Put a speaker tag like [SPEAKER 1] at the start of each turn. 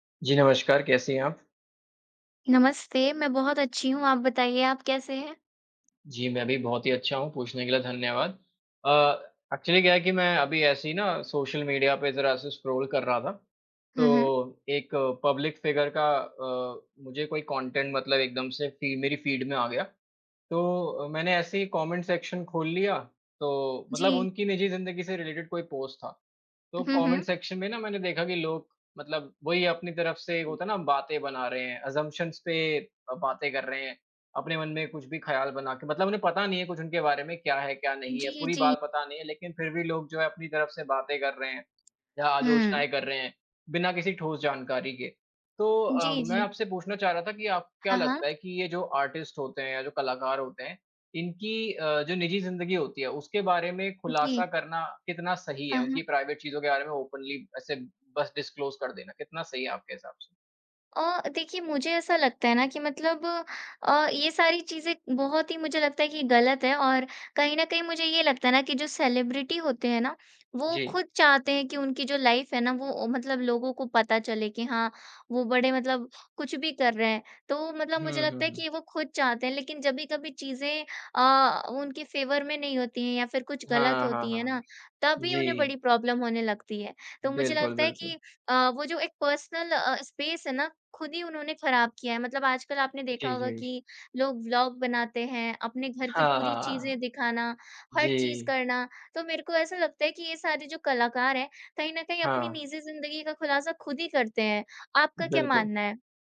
[SPEAKER 1] जी, नमस्कार, कैसी हैं आप?
[SPEAKER 2] नमस्ते, मैं बहुत अच्छी हूँ। आप बताइए, आप कैसे हैं?
[SPEAKER 1] जी, मैं भी बहुत ही अच्छा हूँ। पूछने के लिए धन्यवाद। अ, एक्चुअली क्या है कि मैं अभी ऐसे ही ना, सोशल मीडिया पे ज़रा-सा स्क्रॉल कर रहा था,
[SPEAKER 2] हुँ, हुँ।
[SPEAKER 1] तो एक पब्लिक फ़िगर का अ, मुझे कोई कॉन्टेंट मतलब एकदम से फी मेरी फ़ीड में आ गया। तो अ, मैंने ऐसे ही कॉमेंट सेक्शन खोल लिया, तो मतलब
[SPEAKER 2] जी।
[SPEAKER 1] उनकी निजी ज़िंदगी से रिलेटेड कोई पोस्ट था। तो
[SPEAKER 2] हुँ,
[SPEAKER 1] कॉमेंट
[SPEAKER 2] हुँ।
[SPEAKER 1] सेक्शन में ना, मैंने देखा कि लोग मतलब वो ही अपनी तरफ से, होता है ना, बातें बना रहे हैं, अज़म्प्शन्स पे अ, बातें कर रहे हैं। अपने मन में कुछ भी ख़याल बना के मतलब उन्हें पता नहीं है कुछ उनके बारे में, क्या है, क्या नहीं है।
[SPEAKER 2] जी,
[SPEAKER 1] पूरी
[SPEAKER 2] जी।
[SPEAKER 1] बात पता नहीं है, लेकिन फिर भी लोग, जो है, अपनी तरफ से बातें कर रहे हैं, या
[SPEAKER 2] हुँ।
[SPEAKER 1] आलोचनाएँ कर रहे हैं, बिना किसी ठोस जानकारी के। तो अ,
[SPEAKER 2] जी,
[SPEAKER 1] मैं
[SPEAKER 2] जी।
[SPEAKER 1] आपसे पूछना चाह रहा था कि आपको क्या
[SPEAKER 2] हाँ,
[SPEAKER 1] लगता
[SPEAKER 2] हाँ।
[SPEAKER 1] है कि ये जो आर्टिस्ट होते हैं या जो कलाकार होते हैं, इनकी अ, जो निजी ज़िंदगी होती है, उसके बारे में खुलासा
[SPEAKER 2] जी।
[SPEAKER 1] करना कितना सही
[SPEAKER 2] अ,
[SPEAKER 1] है?
[SPEAKER 2] हाँ।
[SPEAKER 1] उनकी प्राइवेट चीज़ों के बारे में ओपनली ऐसे बस डिस्क्लोज़ कर देना, कितना सही है आपके हिसाब से?
[SPEAKER 2] अ, देखिए, मुझे ऐसा लगता है ना कि मतलब अ, ये सारी चीज़ें बहुत ही, मुझे लगता है कि गलत हैं और कहीं न कहीं, मुझे ये लगता है ना कि जो सेलेब्रिटी होते हैं ना, वो
[SPEAKER 1] जी।
[SPEAKER 2] खुद चाहते हैं कि उनकी जो लाइफ़ है ना, वो मतलब लोगों को पता चले कि हाँ, वो बड़े मतलब कुछ भी कर रहे हैं। तो मतलब
[SPEAKER 1] हुँ,
[SPEAKER 2] मुझे
[SPEAKER 1] हुँ,
[SPEAKER 2] लगता है
[SPEAKER 1] हुँ।
[SPEAKER 2] कि वो खुद चाहते हैं, लेकिन जभी कभी चीज़ें अ, उनके फ़ेवर में नहीं होती हैं या फिर कुछ गलत
[SPEAKER 1] हाँ, हाँ,
[SPEAKER 2] होती हैं
[SPEAKER 1] हाँ।
[SPEAKER 2] ना, तभी उन्हें बड़ी
[SPEAKER 1] जी।
[SPEAKER 2] प्रॉब्लम होने लगती है। तो मुझे
[SPEAKER 1] बिल्कुल,
[SPEAKER 2] लगता है कि
[SPEAKER 1] बिल्कुल।
[SPEAKER 2] अ, वो जो एक पर्सनल अ अ, स्पेस है ना, खुद ही उन्होंने खराब किया है। मतलब आजकल आपने देखा
[SPEAKER 1] जी,
[SPEAKER 2] होगा
[SPEAKER 1] जी।
[SPEAKER 2] कि लोग व्लॉग बनाते हैं, अपने घर की
[SPEAKER 1] हाँ, हाँ,
[SPEAKER 2] पूरी चीज़ें
[SPEAKER 1] हाँ।
[SPEAKER 2] दिखाना, हर चीज़
[SPEAKER 1] जी।
[SPEAKER 2] करना, तो मेरे को ऐसा लगता है कि ये सारे जो कलाकार हैं, कहीं न कहीं अपनी
[SPEAKER 1] हाँ।
[SPEAKER 2] निजी ज़िंदगी का खुलासा खुद ही करते हैं। आपका क्या
[SPEAKER 1] बिल्कुल।
[SPEAKER 2] मानना है?